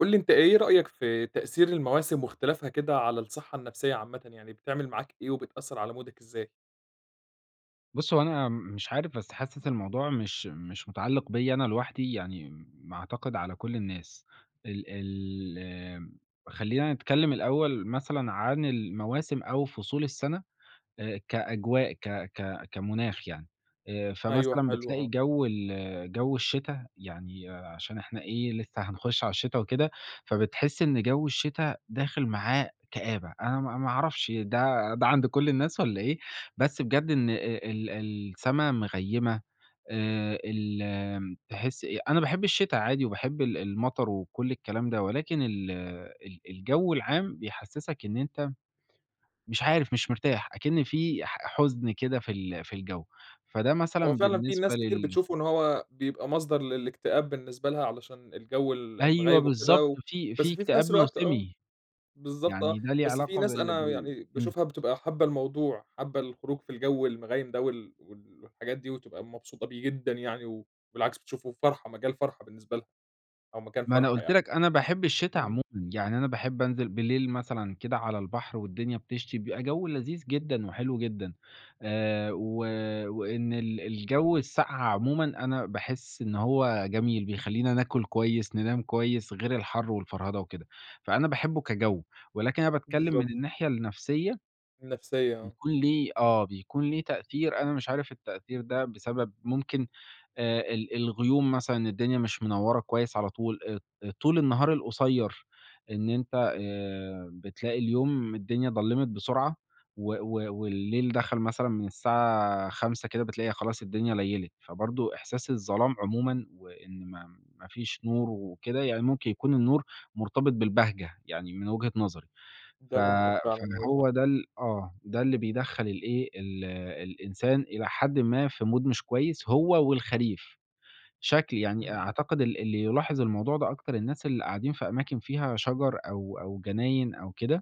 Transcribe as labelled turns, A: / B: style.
A: قُل لي أنت إيه رأيك في تأثير المواسم واختلافها كده على الصحّة النفْسية عامةً، يعني بتعمل معاك إيه وبتأثّر على مودك إزاي؟
B: بُصّ هو أنا م مش عارف بس حاسس الموضوع مش مش مُتعلِّق بيَّ أنا لوحدي، يعني م ما أعتقد على كلّ الناس. ال ال آمم خلّينا نتكلّم الأول مثلًا عن المواسم أو فصول السَّنة آآ كأجواء، ك ك كمُناخ يعني آآ،
A: أيوه
B: فمثلًا
A: حلو،
B: بتلاقي
A: آه.
B: جَوّ ال جَوّ الشِّتا يعني آآ عشان إحنا إيه، لسه هنخُش على الشتا وكده فبتحس إن جَوّ الشِّتا داخل معاه كآبة، أنا ما ما عرفش ده ده عَند كلّ الناس والّا إيه؟ بس بجد إن أ ال السَّما مغيّمة آآ، ال تحِس إيه، أنا باحب الشتا عادي وباحب ال المطر وكلّ الكلام ده، ولكن ال ال الجَوّ العام بيحسّسك إن أنت مش عارف، مش مرتاح أكِن في ح حزن كده في ال في الجو، فده
A: هو
B: مثلًا
A: فعلًا في
B: بالنسبة
A: الناس كتير
B: لل
A: بتشوفه إن هو بيبقى مصدَر للإكتئاب بالنسبة لها علشان الجَوّ ال
B: أيوه
A: المغيّم وكده
B: بالضبط
A: و
B: في في
A: بس في
B: اكتئاب
A: فنَفْس الوقت آه.
B: موسمي،
A: بالضبط، آه،
B: يعني ده ليه
A: بس في
B: علاقة
A: ناس
B: بال
A: أنا و
B: بال
A: يعني
B: إمم.
A: باشوفها بتبقى حابّة الموضوع، حابّة الخروج في الجوّ المغيّم ده وال وال والحاجات دي وتبقى مبسوطة بيه جدًا يعني، وبالعكس بتشوفه فرحَة، مجال فرحَة بالنسبة لها أو مكان
B: ما أنا
A: فرحَة
B: قُلت
A: يعني.
B: لك أنا باحب الشِّتا
A: إمم.
B: عمومًا، يعني أنا باحب أنزِل بالليل مثلًا كده على البحر والدنيا بتشْتي، بيبقى جَوّ لذيذ جدًا وحلو جدًا آآ، و وإن ال الجوّ الساقعة عمومًا أنا باحس إن هو جميل، بيخلّينا ناكُل كويس، ننام كويس، غِير الحَر والفرهدة وكده، فأنا باحبه كجَوّ ولكن أنا باتكلّم
A: بالضبط.
B: من الناحية النَفْسية
A: النَفْسية آه.
B: بيكون ليه، آه بيكون ليه تأثير، أنا مش عارف التأثير ده بسبب ممكن آآ ال الغيوم مثلًا، الدنيا مش منوّرة كويس على طول، أ ط أ طُول النهار القصيّر، إن أنت آآ بتلاقي اليوم الدنيا ضلّمِت بسُرعة و و والليل دخَل مثلًا من الساعة 17:00 كده، بتلاقي خلاص الدنيا ليّلِت، فبرضه إحساس الظلام عمومًا وإن ما ما فيش نُور وكده، يعني ممكن يكون النُّور مرتبِط بالبهجة يعني من وِجهة نظري، ف
A: ده ممكن
B: فاللي
A: فعلًا، أيوه صح.
B: هو ده ال آه، ده اللي بيدخّل الإيه، ال الإنسان إلى حدٍ ما في mood مش كويس هو والخريف. شكْل يعني أ
A: اهم.
B: أعتقد ال اللي يلاحِظ الموضوع ده أكتر الناس اللي قاعدين في أماكن فيها شجَر أو أو جناين أو كده.